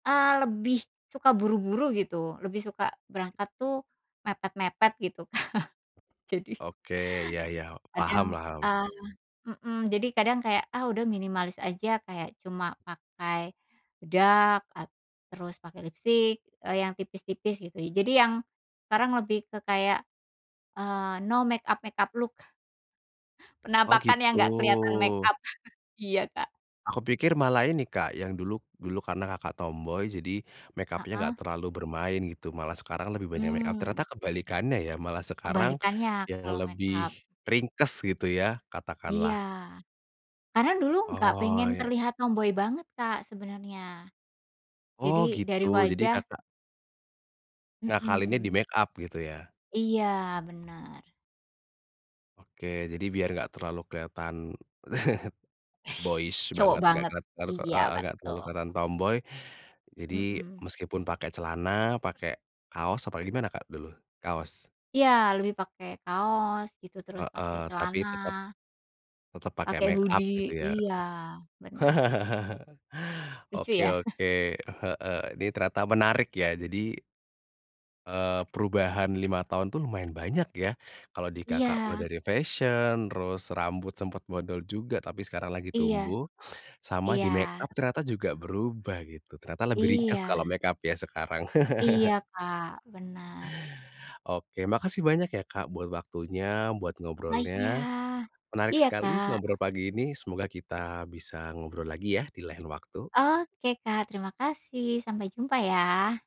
Eee, lebih suka buru-buru gitu, lebih suka berangkat tuh mepet-mepet gitu. Jadi Oke, ya ya, paham Kadang, paham. ah mhm, jadi kadang kayak, ah, udah minimalis aja kayak cuma pakai, bedak at terus pakai lipstik, eee, yang tipis-tipis gitu. Jadi yang sekarang lebih ke kayak, eee, no make up-make up look. Oh, Penampakan yang gak keliatan make gitu. up iya, Kak. Aku pikir malah ini, Kak, yang dulu dulu karena Kakak tomboy jadi make up-nya Heeh. enggak terlalu bermain gitu. Malah sekarang lebih banyak make up Mmm. ternyata kebalikannya ya, malah sekarang Kebalikannya yang kalau make up. lebih ringkes gitu ya Iya, katakanlah. karena dulu nggak Oh, pengen ya. terlihat tomboy banget, Kak, sebenarnya. Oh Jadi dari gitu, jadi, wajah Kakak Ngakalinnya di Mhm. make up gitu ya. Iya, bener. Oke jadi biar gak terlalu keliatan, boyish Cowok banget, gak banget, kelihatan iya heeh, gak betu terlalu keliatan tomboy. Jadi Mhm. meskipun pakai celana pakai kaos apa gimana, Kak, dulu kaos? Iya, lebih pakai kaos gitu, terus Heeh, pakai tapi celana. tetep tetep pakai Pakai make up gitu hoodie, ya. iya bener. Lucu Oke ya. oke, heeh, ini ternyata menarik ya jadi eee, perubahan 5 tahun tuh lumayan banyak ya. Kalau di, Kakak, mulai Iya. dari fashion terus, rambut sempet bondol juga. Tapi sekarang lagi Iya. tumbuh sama Iya. di make up ternyata juga berubah gitu, ternyata lebih ringkas Iya. kalau make up-nya sekarang. Iya, Kak, benar. Oke, makasih banyak ya, Kak, buat waktunya, buat Lah iya. ngobrolnya. Menarik Iya, sekali Kak. ngobrol pagi ini, semoga kita bisa ngobrol lagi ya di lain waktu. Oke, Kak, terima kasih, sampai jumpa ya!